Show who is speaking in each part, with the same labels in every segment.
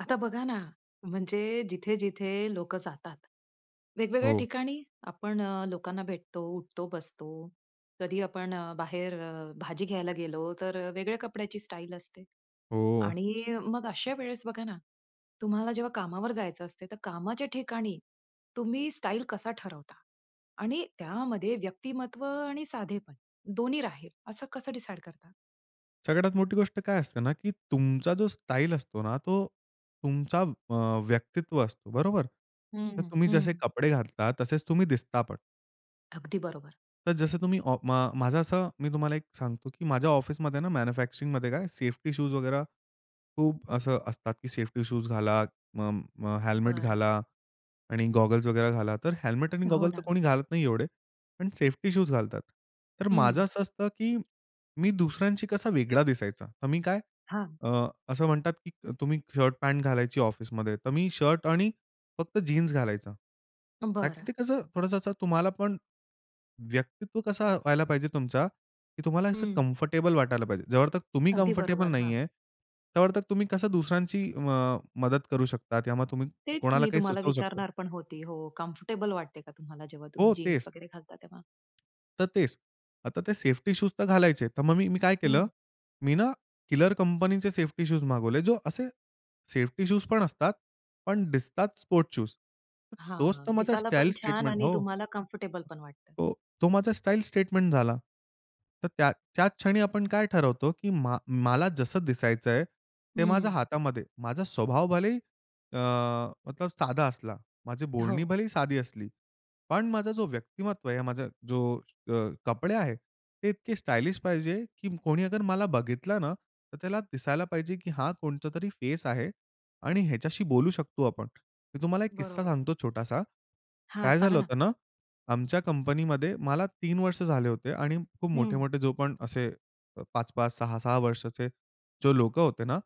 Speaker 1: आता बघा ना, म्हणजे जिथे, जिथे लोकं जातात. वेगवेगळ्या
Speaker 2: हो.
Speaker 1: ठिकाणी आपण अ, लोकांना भेटतो, उठतो, बसतो. कधी आपण अ, बाहेर अ, भाजी घ्यायला गेलो, तर अ, वेगळ्या कपड्याची स्टाईल असते.
Speaker 2: हो.
Speaker 1: आणि अ, मग अशा वेळेस बघा ना, तुम्हाला जेव्हा कामावर जायचं असते, तर कामाच्या ठिकाणी तुम्ही स्टाईल कसा ठरवता आणि त्यामध्ये व्यक्तिमत्व आणि साधेपण दोन्ही राहील, असं कसं डिसाईड करता?
Speaker 2: सगळ्यात मोठी गोष्ट काय असते ना, की तुमचा जो स्टाईल असतो ना, तो तुमचा अ व्यक्तित्व असतो. बरोबर?
Speaker 1: हं,
Speaker 2: तर
Speaker 1: हं,
Speaker 2: तुम्ही जसे
Speaker 1: हं.
Speaker 2: कपडे घातला, तसेच तुम्ही दिसता पण.
Speaker 1: अगदी बरोबर.
Speaker 2: तर जसं तुम्ही अ, मा माझं असं मी तुम्हाला एक सांगतो, की माझ्या ऑफिसमध्ये ना, मॅन्युफॅक्चरिंगमध्ये काय सेफ्टी शूज वगैरे खूप असं असतात, की सेफ्टी शूज घाला, म अ, हेल्मेट
Speaker 1: बरं.
Speaker 2: घाला आणि गॉगल्स वगैरे घाला. तर हेल्मेट आणि
Speaker 1: हो
Speaker 2: गॉगल तर
Speaker 1: ना.
Speaker 2: कोणी घालत नाही एवढे, पण सेफ्टी शूज घालतात. तर माझं
Speaker 1: हं.
Speaker 2: असं असतं की मी दुसऱ्यांशी कसा वेगळा दिसायचा, तर मी काय
Speaker 1: हां.
Speaker 2: अ, असं म्हणतात की तुम्ही शर्ट पॅन्ट घालायची ऑफिसमध्ये, तर मी शर्ट आणि फक्त जीन्स घालायचा. का की
Speaker 1: बरं.
Speaker 2: ते कसं थोडसं असं तुम्हालापण, व्यक्तित्व कसं व्हायला पाहिजे तुमचा, की तुम्हाला असं
Speaker 1: हं.
Speaker 2: कम्फर्टेबल वाटायला पाहिजे. जोपर्यंत तुम्ही
Speaker 1: अगदी
Speaker 2: कम्फर्टेबल
Speaker 1: बरोबर, हां.
Speaker 2: नाहीये, तोपर्यंत तुम्ही कसं दुसऱ्यांची अ, मदत करू शकता या मग तुम्ही
Speaker 1: तेच
Speaker 2: कोणाला
Speaker 1: मी
Speaker 2: काही
Speaker 1: तुम्हाला
Speaker 2: सुचवू शकता.
Speaker 1: विचारणार पण होती. हो, कम्फर्टेबल वाटते का तुम्हाला जेव्हा तुम्ही
Speaker 2: हो,
Speaker 1: जीन्स
Speaker 2: तेच.
Speaker 1: वगैरे घालता तेव्हा?
Speaker 2: तर तेच. आता ते सेफ्टी शूज तर घालायचे, तर मग मी काय केलं
Speaker 1: हं.
Speaker 2: मी ना, किलर कंपनीचे सेफ्टी शूज मागवले. जो असे सेफ्टी शूज पण असतात. पण दिसतात स्पोर्ट्स शूज. तोच
Speaker 1: हां,
Speaker 2: तर माझा स्टाईल
Speaker 1: दिसायलापण छान
Speaker 2: स्टेटमेंट
Speaker 1: आणि
Speaker 2: हो.
Speaker 1: तुम्हाला कम्फर्टेबलपण वाटतं.
Speaker 2: हो, तो माझा स्टाईल स्टेटमेंट झाला. तर त्या त्या क्षणी आपण काय ठरवतो, की मा मला जसं दिसायचंय, ते माझ्या
Speaker 1: हं.
Speaker 2: हातामध्ये. माझा स्वभाव भलेही अ, तर साधा असला. माझी बोलणी
Speaker 1: हो.
Speaker 2: भलेही साधी असली. पण माझा जो व्यक्तिमत्व आहे, माझा जो अ, कपडे आहेत, ते इतके स्टायलिश पाहिजे, की कोणी अगर मला बघितलं ना, तर त्याला दिसायला पाहिजे की हा कोणता तरी फेस आहे आणि ह्याच्याशी बोलू शकतो आपण. मी तुम्हाला एक किस्सा
Speaker 1: बरोबर.
Speaker 2: सांगतो छोटासा.
Speaker 1: हां,
Speaker 2: काय
Speaker 1: सांगा
Speaker 2: झालं
Speaker 1: ना.
Speaker 2: होतं ना, आमच्या कंपनीमध्ये मला 3 वर्ष झाले होते आणि खूप
Speaker 1: हं.
Speaker 2: मोठे-मोठे जो पण असे 5-5, 6-6 वर्षाचे जे लोकं होते ना,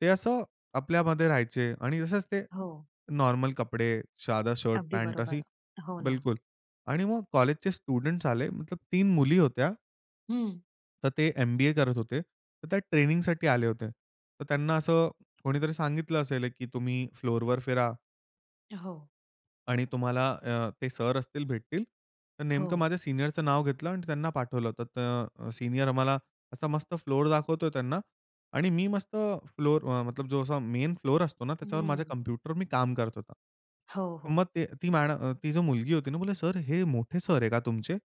Speaker 2: ते असं आपल्यामध्ये राहायचे आणि तसेच ते
Speaker 1: हो.
Speaker 2: नॉर्मल कपडे, साधा शर्ट
Speaker 1: अगदी
Speaker 2: पॅन्ट असे,
Speaker 1: बरोबर. हो ना.
Speaker 2: बिलकुल. आणि मग कॉलेजचे स्टुडंट्स आले मतलब 3 मुली होत्या
Speaker 1: हं.
Speaker 2: तर ते एम-बी-ए करत होते. तर त्या ट्रेनिंगसाठी आले होते. तर त्यांना असं कोणीतरी सांगितलं असेल एक की तुम्ही फ्लोअरवर फिरा
Speaker 1: अ, हो.
Speaker 2: आणि तुम्हाला अ, ते सर असतील, भेटतील. तर नेमकं
Speaker 1: हो.
Speaker 2: माझ्या सीनियरचं नाव घेतलं आणि त्यांना पाठवलं होतं. तर अ, सीनियर आम्हाला असा मस्त फ्लोअर दाखवतो आहे त्यांना. आणि मी मस्त फ्लोअर अ, मतलब जो असा मेन फ्लोअर असतो ना, त्याच्यावर माझ्या
Speaker 1: हं.
Speaker 2: कॉम्प्युटरवर मी काम करत होता.
Speaker 1: हो, हो.
Speaker 2: मग ते, ती मॅड अ, ती जो मुलगी होती ना बोले," सर हे मोठे सर आहे का तुमचे?"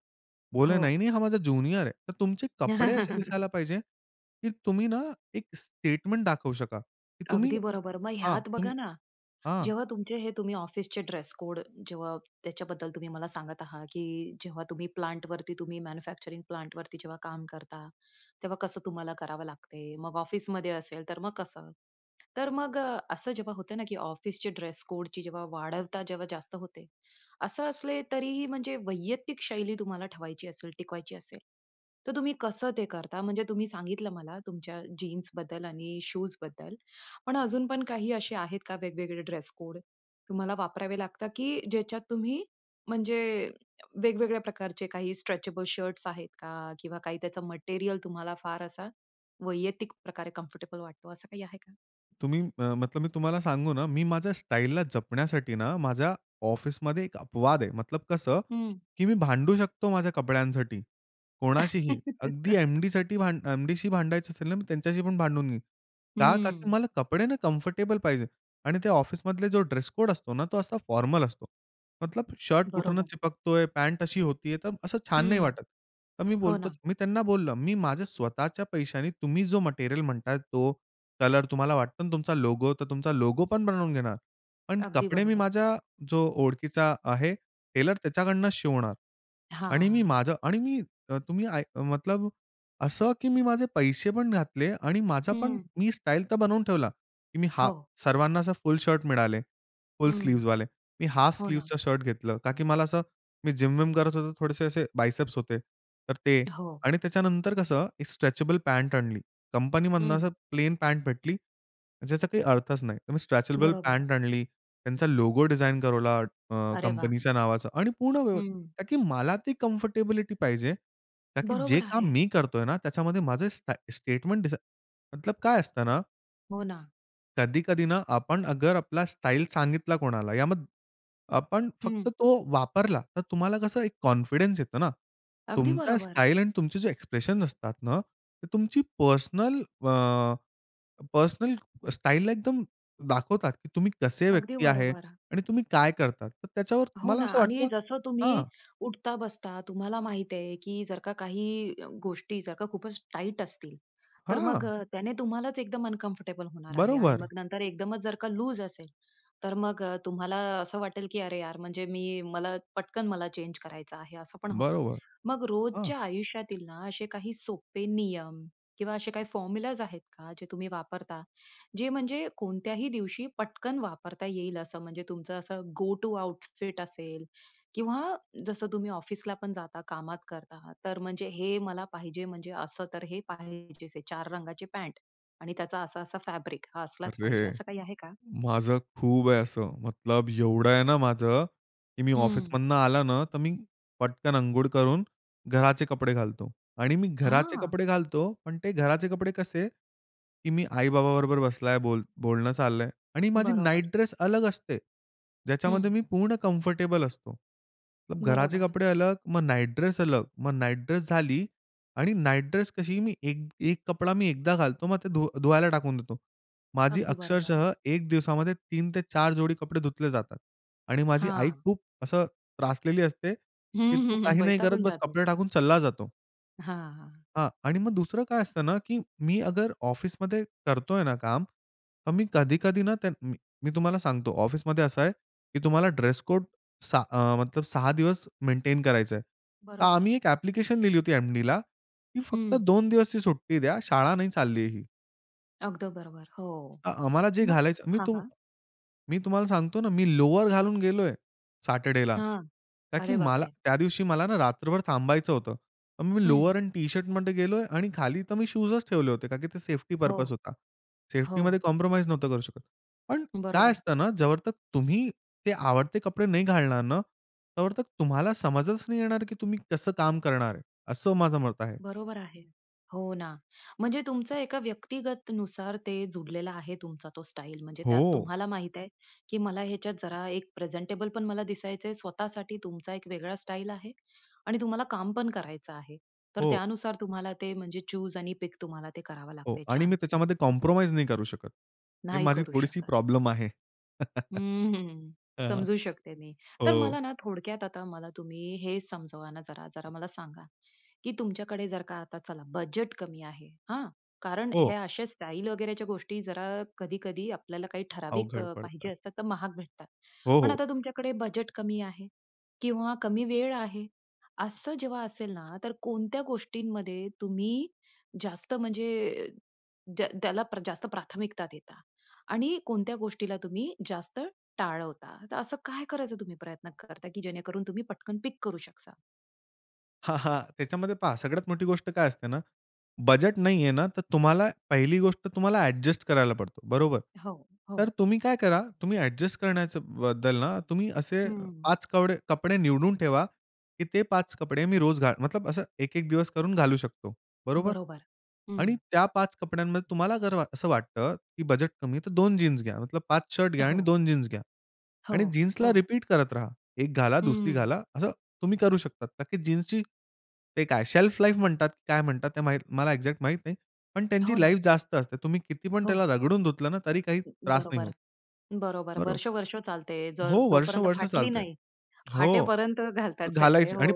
Speaker 2: बोले,
Speaker 1: हो.
Speaker 2: "नाही-नाही हा माझा ज्युनियर आहे. तर तुमचे कपडे असे दिसायला पाहिजे, की तुम्ही ना एक स्टेटमेंट दाखवू शका, की तुम्ही
Speaker 1: अगदी बरोबर. मग
Speaker 2: हां,
Speaker 1: ह्यात
Speaker 2: तुम्ही
Speaker 1: बघा ना,
Speaker 2: हां.
Speaker 1: जेव्हा तुमचे हे तुम्ही ऑफिसचे ड्रेस-कोड, जेव्हा त्याच्याबद्दल तुम्ही मला सांगत आहात. की जेव्हा तुम्ही प्लांटवरती तुम्ही मॅन्युफॅक्चरिंग प्लांटवरती जेव्हा काम करता, तेव्हा कसं तुम्हाला करावं लागते? मग ऑफिसमध्ये असेल तर मग कसं? तर मग अ, असं जेव्हा होत ना की ऑफिसचे ड्रेस-कोडची जेव्हा वाढवता, जेव्हा जास्त होते. असं असले तरीही म्हणजे वैयक्तिक शैली तुम्हाला ठेवायची असेल, टिकवायची असेल. तर तुम्ही कसं ते करता म्हणजे तुम्ही सांगितलं मला तुमच्या जीन्सबद्दल आणि शूजबद्दल. पण अजून पण काही असे आहेत का वेगवेगळे ड्रेस-कोड तुम्हाला वापरावे लागतात? की ज्याच्यात तुम्ही म्हणजे वेगवेगळ्या प्रकारचे काही स्ट्रेचेबल शर्ट्स आहेत का? किंवा काही त्याचं मटेरिअल तुम्हाला फार असा वैयक्तिक प्रकारे कम्फर्टेबल वाटतो, असं काही आहे का?
Speaker 2: तुम्ही अ, मतलब मी तुम्हाला सांगू ना, मी माझ्या स्टाईलला जपण्यासाठी ना, माझ्या ऑफिसमध्ये एक अपवाद आहे. मतलब कसं,
Speaker 1: हं.
Speaker 2: की मी भांडू शकतो माझ्या कपड्यांसाठी, कोणाशीही. अगदी एम-डीसाठी भांड एम-डीशी भांडायचं असेल ना, मी त्यांच्याशी पण भांडून घेईन. का? का की
Speaker 1: हं.
Speaker 2: मला कपडे ना, कम्फर्टेबल पाहिजे. आणि त्या ऑफिसमधले जो ड्रेस कोड असतो ना, तो असा फॉर्मल असतो. मतलब शर्ट कुठून
Speaker 1: बरोबर.
Speaker 2: चिपकतोय, पँट अशी होतीय, तर असं छान नाही
Speaker 1: हं.
Speaker 2: वाटत. तर मी
Speaker 1: हो
Speaker 2: बोलतो
Speaker 1: ना.
Speaker 2: मी त्यांना बोललो मी माझ्या स्वतःच्या पैशाने तुम्ही जो मटेरिअल म्हणताय तो, कलर तुम्हाला वाटतो ना, तुमचा लोगो, तर तुमचा लोगो पण बनवून घेणार. पण
Speaker 1: अगदी
Speaker 2: कपडे मी
Speaker 1: बरोबर.
Speaker 2: माझ्या जो ओळखीचा आहे, टेलर, त्याच्याकडनं शिवणार. आणि मी
Speaker 1: हां.
Speaker 2: माझं आणि मी अ, तुम्ही आय अ, मतलब असं की मी माझे पैसे पण घातले आणि माझा पण
Speaker 1: हं.
Speaker 2: मी स्टाईल तर बनवून ठेवला, की मी हा
Speaker 1: हो.
Speaker 2: सर्वांना असं फुल शर्ट मिळाले. फुल
Speaker 1: हं.
Speaker 2: स्लीव्हजवाले. मी हाल्फ
Speaker 1: हो ना.
Speaker 2: स्लीव्हजचा शर्ट घेतलं. का की मला असं मी जिम विम करत होतो थोडेसे असे बायसेप्स होते. तर ते.
Speaker 1: हो.
Speaker 2: आणि त्याच्यानंतर कसं एक स्ट्रेचेबल पँट आणली. कंपनीमधून असं
Speaker 1: हं.
Speaker 2: प्लेन पँट भेटली, ज्याचा काही अर्थच नाही. तर मी स्ट्रेचेबल
Speaker 1: बरोबर.
Speaker 2: पँट आणली, त्यांचा लोगो डिझाइन करवला अ,
Speaker 1: अरे वाह!
Speaker 2: कंपनीच्या नावाचा आणि पूर्ण वे
Speaker 1: हं.
Speaker 2: का की मला ती कम्फर्टेबिलिटी पाहिजे ताकी जे
Speaker 1: बरोबर
Speaker 2: काम
Speaker 1: आहे.
Speaker 2: मी करतोय ना, त्याच्यामध्ये माझं स्टाय स्टेटमेंट दिस मतलब काय असतं ना
Speaker 1: हो ना.
Speaker 2: कधी-कधी ना, आपण अगर आपला स्टाईल सांगितला कोणाला या मग आपण फक्त
Speaker 1: हं.
Speaker 2: तो वापरला. तर तुम्हाला कसं एक कॉन्फिडन्स येतो ना.
Speaker 1: अगदी
Speaker 2: तुमचा
Speaker 1: बरोबर.
Speaker 2: स्टाईल आणि तुमचे जे एक्सप्रेशन असतात ना, ते तुमची पर्सनल अ, पर्सनल स्टाईलला एकदम दाखवतात, की तुम्ही कसे
Speaker 1: अगदी
Speaker 2: व्यक्ती आहे.
Speaker 1: बरोबर.
Speaker 2: आणि तुम्ही काय करतात? तर त्याच्यावर
Speaker 1: हो
Speaker 2: मला
Speaker 1: ना.
Speaker 2: असं
Speaker 1: आणि
Speaker 2: वाटतं
Speaker 1: जसं तुम्ही
Speaker 2: हां.
Speaker 1: उठता-बसता तुम्हाला माहिती आहे, की जर का काही गोष्टी, जर का खूपच टाईट असतील, तर मग
Speaker 2: हां.
Speaker 1: त्याने तुम्हालाच एकदम अनकम्फर्टेबल होणार आहे. आणि
Speaker 2: बरोबर.
Speaker 1: मग नंतर एकदमच जर का लूज असेल, तर मग अ, तुम्हाला असं वाटेल की अरे यार, म्हणजे मी मला पटकन मला चेंज करायचं आहे असं पण होतं.
Speaker 2: बरोबर.
Speaker 1: मग
Speaker 2: हां.
Speaker 1: रोजच्या आयुष्यातील ना असे काही सोपे नियम किंवा असे काही फॉर्म्युलाज आहेत का जे तुम्ही वापरता? जे म्हणजे कोणत्याही दिवशी पटकन वापरता येईल असं. म्हणजे तुमचं असं गो टू आउटफिट असेल किंवा जसं तुम्ही ऑफिसला पण जाता, कामात करता. तर म्हणजे हे मला पाहिजे म्हणजे असं तर हे पाहिजे. हे 4 रंगाची पॅंन्ट आणि त्याचा असा-असा फॅब्रिक हा असलाच पाहिजे.
Speaker 2: अरे,
Speaker 1: असं काही आहे का?
Speaker 2: माझं खूप आहे असं. मतलब एवढं आहे ना माझं की मी
Speaker 1: हं.
Speaker 2: ऑफिसमधनं आला ना, तर मी पटकन अंघोळ करून घराचे कपडे घालतो. आणि मी घराचे
Speaker 1: हां.
Speaker 2: कपडे घालतो. पण ते घराचे कपडे कसे, की मी आई-बाबा बरोबर बसलाय, बोल बोलणं चाललंय आणि माझी
Speaker 1: बरोबर.
Speaker 2: नाईट ड्रेस अलग असते. ज्याच्यामध्ये
Speaker 1: हं.
Speaker 2: मी पूर्ण कम्फर्टेबल असतो. घराचे
Speaker 1: बरोबर.
Speaker 2: कपडे अलग, मग नाईट ड्रेस अलग. मग नाईट ड्रेस झाली आणि नाईट ड्रेस कशी मी एक एक कपडा मी एकदा घालतो. मग ते धू धुवायला टाकून देतो. माझी
Speaker 1: अगदी बरोबर.
Speaker 2: अक्षरशः एक दिवसामध्ये 3 ते 4 जोडी कपडे धुतले जातात. आणि माझी आई
Speaker 1: हां.
Speaker 2: खूप असं त्रासलेली असते,
Speaker 1: हं,
Speaker 2: की तू
Speaker 1: हं, हं.
Speaker 2: काही नाही करत,
Speaker 1: वैतागून
Speaker 2: बस
Speaker 1: जाते.
Speaker 2: कपडे टाकून चालला जातो.
Speaker 1: हां, हां.
Speaker 2: हां. आणि मग दुसरं काय असतं ना, की मी अगर ऑफिसमध्ये करतोय ना काम, तर मी कधी-कधी ना. त म मी तुम्हाला सांगतो ऑफिसमध्ये असं आहे, की तुम्हाला ड्रेस कोड 6 अ, मतलब 6 दिवस मेंटेन करायचा आहे. तर
Speaker 1: बरोबर.
Speaker 2: आम्ही एक ॲप्प्लिकेशन लिहिली होती एम-डीला की फक्त
Speaker 1: हं.
Speaker 2: 2 दिवसची सुट्टी द्या शाळा नाही चालली आहे ही.
Speaker 1: अगदी बरोबर. हो.
Speaker 2: अ, आम्हाला जे
Speaker 1: मग
Speaker 2: घालायचं. मी
Speaker 1: हां,
Speaker 2: तुम
Speaker 1: हां.
Speaker 2: मी तुम्हाला सांगतो ना, मी लोवर घालून गेलोय. सॅटरडेला.
Speaker 1: हां.
Speaker 2: का की
Speaker 1: अरे
Speaker 2: मला,
Speaker 1: बापरे!
Speaker 2: त्या दिवशी मला ना रात्रभर थांबायचं होतं. पण मी
Speaker 1: हं.
Speaker 2: लोवर एंड टी-शर्टमध्ये गेलोय. आणि खाली तर मी शूजच ठेवले होते कारण की ते सेफ्टी
Speaker 1: हो.
Speaker 2: पर्पज होता.
Speaker 1: हो.
Speaker 2: सेफ्टीमध्ये कॉम्प्रोमाईज नव्हतो करू शकत. पण काय
Speaker 1: बरोबर.
Speaker 2: असतं ना? जोपर्यंत तुम्ही ते आवडते कपडे नाही घालणार ना तोपर्यंत तुम्हाला समजच नाही येणार की तुम्ही कसं काम करणार आहे? असं माझं मत आहे.
Speaker 1: बरोबर आहे. हो, ना. म्हणजे तुमचा एका व्यक्तिगतनुसार ते जुडलेला आहे तुमचा तो स्टाईल. म्हणजे त्यात
Speaker 2: हो.
Speaker 1: तुम्हाला माहित आहे की मला ह्याच्यात जरा एक प्रेझेंटेबल पण मला दिसायचंय. स्वतःसाठी तुमचा एक वेगळा स्टाईल आहे. आणि तुम्हाला काम पण करायचं आहे. तर
Speaker 2: हो.
Speaker 1: त्यानुसार तुम्हाला ते म्हणजे चूज आणि पिक तुम्हाला ते करावं
Speaker 2: हो.
Speaker 1: लागतंय.
Speaker 2: आणि
Speaker 1: छान.
Speaker 2: मी त्याच्यामध्ये कॉम्प्रोमाईज नाही करू शकत. हे
Speaker 1: नाही
Speaker 2: माझी
Speaker 1: करू
Speaker 2: थोडीशी
Speaker 1: शकत.
Speaker 2: प्रॉब्लेम आहे.
Speaker 1: हं, हं.
Speaker 2: हां.
Speaker 1: समजू शकते मी. तर
Speaker 2: हो.
Speaker 1: मला ना, थोडक्यात आता मला तुम्ही हे समजावा ना, जरा जरा मला सांगा? की तुमच्याकडे जर का आता चला बजेट कमी आहे. हां. कारण हे
Speaker 2: हो.
Speaker 1: अशा स्टाईल वगैरेच्या गोष्टी जरा कधी-कधी आपल्याला काही ठराविक
Speaker 2: अवघड
Speaker 1: अ, पाहिजे
Speaker 2: पडतात.
Speaker 1: असतात तर महाग भेटतात.
Speaker 2: हो,
Speaker 1: पण
Speaker 2: हो.
Speaker 1: आता तुमच्याकडे बजेट कमी आहे. किंवा कमी वेळ आहे. असं जेव्हा असेल ना, तर कोणत्या गोष्टींमध्ये तुम्ही जास्त म्हणजे, ज्या त्याला जास्त प्राथमिकता देता? आणि कोणत्या गोष्टीला तुम्ही जास्त टाळवता. तर असं काय करायचं तुम्ही प्रयत्न करता की जेणेकरून तुम्ही पटकन पिक करू शकता?
Speaker 2: हां, हां. त्याच्यामध्ये पहा सगळ्यात मोठी गोष्ट काय असते ना? बजेट नाहीये ना, तर तुम्हाला पहिली गोष्ट तुम्हाला ॲडजस्ट करायला पडतो. बरोबर?
Speaker 1: हो,
Speaker 2: तर
Speaker 1: हो.
Speaker 2: तुम्ही काय करा, तुम्ही ॲडजस्ट करण्याच्या बद्दल ना, तुम्ही असे
Speaker 1: हं.
Speaker 2: 5 कवडे कपडे निवडून ठेवा. की ते 5 कपडे मी रोज घाल मतलब असं एक, एक दिवस करून घालू शकतो. बरोबर?
Speaker 1: बरोबर.
Speaker 2: आणि
Speaker 1: हं.
Speaker 2: त्या 5 कपड्यांमध्ये तुम्हाला जर वा असं वाटतं की बजेट कमी आहे तर 2 जीन्स घ्या. मतलब 5 शर्ट घ्या आणि
Speaker 1: हो.
Speaker 2: 2 जीन्स घ्या.
Speaker 1: हो,
Speaker 2: आणि जीन्सला
Speaker 1: हो.
Speaker 2: रिपीट करत राहा. एक घाला, दुसरी
Speaker 1: हं.
Speaker 2: घाला असं तुम्ही करू शकता. का की जीन्सची ते काय शेल्फ लाईफ म्हणतात काय म्हणतात? ते मला एक्झॅक्ट माहित नाही. पण
Speaker 1: हो
Speaker 2: त्यांची लाईफ
Speaker 1: ना.
Speaker 2: जास्त असते. तुम्ही किती पण
Speaker 1: हो.
Speaker 2: त्याला रगडून धुतलं ना, तरी काही त्रास नाही
Speaker 1: बरोबर.
Speaker 2: होत.
Speaker 1: बरोबर
Speaker 2: बरो
Speaker 1: वर्ष-वर्ष चालते.
Speaker 2: हो,
Speaker 1: जर
Speaker 2: वर्ष,
Speaker 1: जोपर्यंत
Speaker 2: वर्ष
Speaker 1: फाटली
Speaker 2: चालते,
Speaker 1: नाही.
Speaker 2: हो,
Speaker 1: फाटेपर्यंत घालतात सगळे.
Speaker 2: घालायची
Speaker 1: हो.
Speaker 2: आणि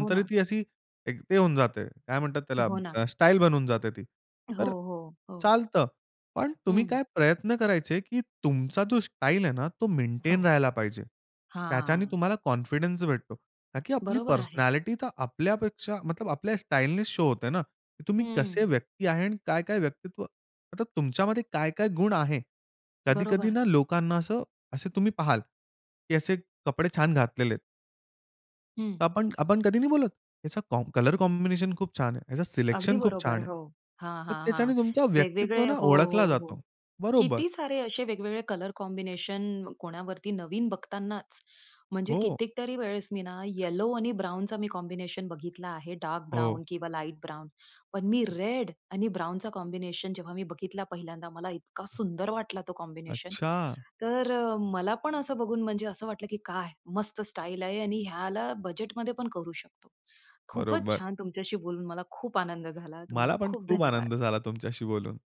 Speaker 1: हो ना.
Speaker 2: ती अशी एक ते होऊन जाते. काय म्हणतात त्याला?
Speaker 1: हो ना.
Speaker 2: स्टाईल बनवून जाते ती.
Speaker 1: हो,
Speaker 2: तर
Speaker 1: हो, हो.
Speaker 2: चालतं, पण तुम्ही
Speaker 1: हं.
Speaker 2: काय प्रयत्न करायचे? की तुमचा जो स्टाईल आहे ना, तो
Speaker 1: हो.
Speaker 2: मेंटेन राहायला पाहिजे. त्याच्याने
Speaker 1: हां.
Speaker 2: तुम्हाला कॉन्फिडन्स भेटतो. का की आपली
Speaker 1: बरोबर आहे.
Speaker 2: पर्सनॅलिटी तर आपल्यापेक्षा आपल्या स्टाईलने शो होते ना, की तुम्ही कसे
Speaker 1: हं.
Speaker 2: व्यक्ती आहे? आणि काय-काय व्यक्तित्व? मतलब तुमच्यामध्ये काय-काय गुण आहे? कधी-कधी
Speaker 1: बरोबर.
Speaker 2: ना, लोकांना असं, असे तुम्ही पाहाल की असे कपडे छान घातलेले आहेत.
Speaker 1: हं.
Speaker 2: तर आपण आपण कधी नाही बोलत. याचा कॉम्ब कलर कॉम्बिनेशन खूप छान आहे, याचं
Speaker 1: अगदी
Speaker 2: सिलेक्शन खूप छान
Speaker 1: बरोबर
Speaker 2: आहे.
Speaker 1: हो. हां,
Speaker 2: तर
Speaker 1: हां, हां
Speaker 2: त्याच्याने तुमचा व्यक्तित्व
Speaker 1: वेगवेगळे
Speaker 2: ना,
Speaker 1: हो ,हो,
Speaker 2: ओळखला
Speaker 1: हो.
Speaker 2: जातो. बरोबर.
Speaker 1: किती सारे असे वेगवेगळे कलर कॉम्बिनेशन कोणावरती नवीन बघतानाच, म्हणजे
Speaker 2: हो.
Speaker 1: कितीतरी वेळेस मी ना येलो आणि ब्राउनचा कॉम्बिनेशन मी कॉम्बिनेशन बघितला आहे, डार्क
Speaker 2: हो.
Speaker 1: ब्राउन किंवा लाईट ब्राउन. पण मी रेड आणि ब्राउनचा कॉम्बिनेशन जेव्हा मी बघितला पहिल्यांदा मला इतका सुंदर वाटला तो कॉम्बिनेशन.
Speaker 2: अच्छा.
Speaker 1: तर अ, मला पण असं बघून म्हणजे असं वाटलं की "काय, मस्त स्टाईल आहे" आणि ह्याला बजेटमध्ये पण करू शकतो. खूपच
Speaker 2: बरोबर.
Speaker 1: छान तुमच्याशी बोलून मला खूप आनंद झाला. तुम्हाला
Speaker 2: मला पण
Speaker 1: खूप
Speaker 2: खूप आनंद
Speaker 1: धन्यवाद.
Speaker 2: झाला तुमच्याशी बोलून.